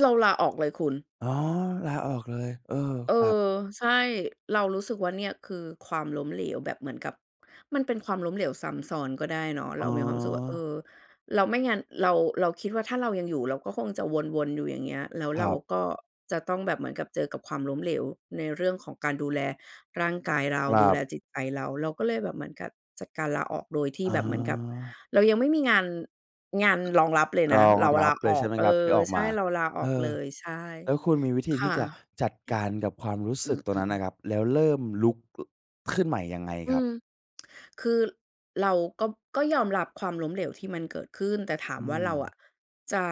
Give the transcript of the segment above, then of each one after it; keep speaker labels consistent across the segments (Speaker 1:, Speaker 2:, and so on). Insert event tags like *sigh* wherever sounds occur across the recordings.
Speaker 1: เราลาออกเลยคุณ
Speaker 2: อ๋อ ลาออกเลย เออ
Speaker 1: เออ
Speaker 2: ครับ
Speaker 1: ใช่ เรารู้สึกว่า เนี่ยคือความล้มเหลวแบบเหมือนกับ มันเป็นความล้มเหลวซ้ำซ้อนก็ได้เนาะ
Speaker 2: อ
Speaker 1: เ
Speaker 2: ๋
Speaker 1: รามีความรู้สึกว่า เอ
Speaker 2: อ
Speaker 1: อ เรา ไม่งั้นเรา เราคิดว่าถ้าเรายังอยู่เราก็คงจะวน ๆ อยู่อย่างเงี้ย แล้ว
Speaker 2: ค
Speaker 1: เ
Speaker 2: ร
Speaker 1: ร
Speaker 2: ั
Speaker 1: า
Speaker 2: บ
Speaker 1: ก็จะต้องแบบเหมือนกับเจอกับความล้มเหลว ในเรื่องของการดูแลร่างกายเรา
Speaker 2: ครั
Speaker 1: ดูแ
Speaker 2: บ
Speaker 1: ลจิตใจเรา เราก็เลยแบบเหมือนกับจัดการลาออก โดยที่
Speaker 2: อ๋
Speaker 1: แบบเหมือนกับ
Speaker 2: อ
Speaker 1: เรายังไม่มีงาน งานรองรับเลย
Speaker 2: ร
Speaker 1: นะ
Speaker 2: อง
Speaker 1: เรา
Speaker 2: ร
Speaker 1: ล
Speaker 2: ับ
Speaker 1: า
Speaker 2: เล
Speaker 1: อ
Speaker 2: ย ใช
Speaker 1: อ
Speaker 2: ่
Speaker 1: ก
Speaker 2: ไหม
Speaker 1: เออ
Speaker 2: ครับ ที่ออก
Speaker 1: ใช
Speaker 2: ม
Speaker 1: ่
Speaker 2: า
Speaker 1: เราลาอ
Speaker 2: เอ
Speaker 1: อก
Speaker 2: อ
Speaker 1: เลย ใช่
Speaker 2: แล้วคุณมีวิธี
Speaker 1: ค
Speaker 2: ที
Speaker 1: ่
Speaker 2: ่
Speaker 1: ะ
Speaker 2: จะจัดการกับความรู้
Speaker 1: อื
Speaker 2: สึก
Speaker 1: ม
Speaker 2: ตร
Speaker 1: อ
Speaker 2: ง
Speaker 1: ื
Speaker 2: น
Speaker 1: อ
Speaker 2: ั้นอ
Speaker 1: ๆ ๆ
Speaker 2: ะครับ แล้วเริ่มลุก ขึ้นใหม่ยังไง
Speaker 1: อื
Speaker 2: ครับ?
Speaker 1: ม *tsk* คือเราก็ ก็ยอมรับความล้มเหลวที่มันเกิดขึ้น แต่ถา
Speaker 2: อ
Speaker 1: ม
Speaker 2: ื
Speaker 1: ว่าเรา
Speaker 2: ม
Speaker 1: อะจะ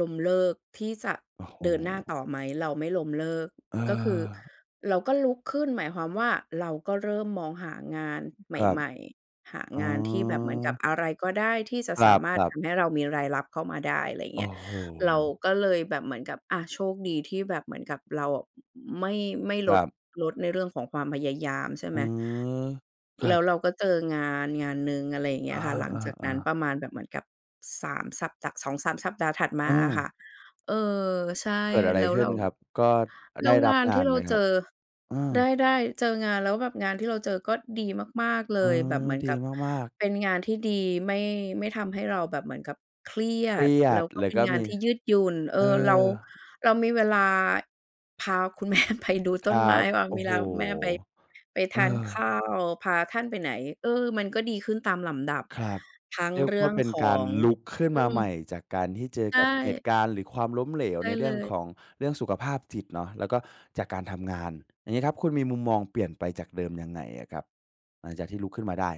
Speaker 1: ล้มเลิกที่จะ
Speaker 2: โอ้โฮ
Speaker 1: เดินหน้าต่อไหม เราไม่ล้มเลิก
Speaker 2: เ
Speaker 1: ก็คือ
Speaker 2: ออ
Speaker 1: เราก็ลุกขึ้น หมายความว่า เราก็เริ่มมองหางานใ
Speaker 2: ครับ
Speaker 1: หม่ ๆ หา
Speaker 2: อ๋
Speaker 1: งานที่แบบเหมือนกับ
Speaker 2: อ
Speaker 1: อะไรก็ได้ที่จะ
Speaker 2: คร
Speaker 1: สามารถ
Speaker 2: ั
Speaker 1: ท
Speaker 2: บ ๆ
Speaker 1: ำให้เรามีรายรับเข้ามาได้ ไรอย่าง
Speaker 2: โอ
Speaker 1: เงี
Speaker 2: ้
Speaker 1: ้ย
Speaker 2: โฮ
Speaker 1: เราก็เลยแบบเหมือนกับ อา โชคดีที่แบบเหมือนกับเราอะ อ อ ไม่ ไม่
Speaker 2: ค
Speaker 1: ล
Speaker 2: ร
Speaker 1: ด
Speaker 2: ับ
Speaker 1: ลดในเรื่องของความพยายาม ใช่
Speaker 2: เอ
Speaker 1: ไ
Speaker 2: อ
Speaker 1: หม
Speaker 2: คร
Speaker 1: แล
Speaker 2: ั
Speaker 1: ้
Speaker 2: บ
Speaker 1: วเราก็เจองานงานหนึ่ง อะไรอย่างเงี
Speaker 2: อ
Speaker 1: ้ยค่ะ หลังจากนั
Speaker 2: า
Speaker 1: ้น
Speaker 2: ๆ ๆ
Speaker 1: ประมาณแบบเหมือนกับ 3 สัปดาห์ 2-3 สัปดาห์ถัดม
Speaker 2: เ
Speaker 1: าอะ
Speaker 2: ออ
Speaker 1: ค่ะ เออ ใช่
Speaker 2: เกิดอะไร
Speaker 1: แล้ว
Speaker 2: ขึ
Speaker 1: เ
Speaker 2: ้
Speaker 1: ร
Speaker 2: น
Speaker 1: า
Speaker 2: ครับ ก็ อ
Speaker 1: แล้
Speaker 2: ได
Speaker 1: ว
Speaker 2: ้ร
Speaker 1: ง
Speaker 2: ับ
Speaker 1: าน
Speaker 2: ง
Speaker 1: ท
Speaker 2: า
Speaker 1: ี่
Speaker 2: น
Speaker 1: เร
Speaker 2: ไ
Speaker 1: า
Speaker 2: หมค
Speaker 1: เจ
Speaker 2: รับ?
Speaker 1: อ
Speaker 2: เออ
Speaker 1: ได้ ๆ เจองาน แล้วแบบงานที่เราเจอก็ดีมาก ๆ เ
Speaker 2: เ
Speaker 1: ล
Speaker 2: ออ
Speaker 1: ย แบบเหมือน
Speaker 2: ด
Speaker 1: ก
Speaker 2: ี
Speaker 1: ับ
Speaker 2: มาก ๆ
Speaker 1: เป็นงานที่ดี ไม่ ไม่ทำให้เราแบบเหมือนกับเครีย
Speaker 2: เคร
Speaker 1: ด
Speaker 2: ีย
Speaker 1: แล้
Speaker 2: ด
Speaker 1: วก็
Speaker 2: เล
Speaker 1: เป
Speaker 2: ย
Speaker 1: ็
Speaker 2: ก
Speaker 1: น
Speaker 2: ็
Speaker 1: งา
Speaker 2: ม
Speaker 1: น
Speaker 2: ี
Speaker 1: ที่ยืดหยุ่น เออ
Speaker 2: เอ
Speaker 1: เรา
Speaker 2: อ
Speaker 1: เรามีเวลาพาคุณ แม่ ไปดู
Speaker 2: ค
Speaker 1: ต้
Speaker 2: รั
Speaker 1: นไม้
Speaker 2: บ
Speaker 1: บาง
Speaker 2: โอ
Speaker 1: เ
Speaker 2: ้
Speaker 1: ว
Speaker 2: โฮ
Speaker 1: ลาคุณแม่ไป ไป
Speaker 2: เ
Speaker 1: ท
Speaker 2: อ
Speaker 1: าน
Speaker 2: อ
Speaker 1: ข้าว พาท่านไปไหน เออ มันก็ดีขึ้นตามลำดับ
Speaker 2: ครับ
Speaker 1: ทั้ง
Speaker 2: เรียก
Speaker 1: เรื
Speaker 2: ว
Speaker 1: ่
Speaker 2: ่
Speaker 1: อ
Speaker 2: า
Speaker 1: ง
Speaker 2: เป็น
Speaker 1: ขอ
Speaker 2: การ
Speaker 1: ง
Speaker 2: ลุกขึ้น
Speaker 1: อื
Speaker 2: มาใหม่
Speaker 1: ม
Speaker 2: จากการที่เจอ
Speaker 1: ใช
Speaker 2: กับเหต
Speaker 1: ่
Speaker 2: ุการณ์ หรือความล้มเหลว
Speaker 1: ใช
Speaker 2: ใ
Speaker 1: ่
Speaker 2: นเร
Speaker 1: เ
Speaker 2: ื
Speaker 1: ล
Speaker 2: ่อง
Speaker 1: ย
Speaker 2: ของ เรื่องสุขภาพจิตเนาะ แล้วก็จากการทำงาน อย่างงี้ครับ คุณมีมุมมองเปลี่ยนไปจากเดิมยังไงอะครับ? หลังจากที่ลุกขึ้นมาได้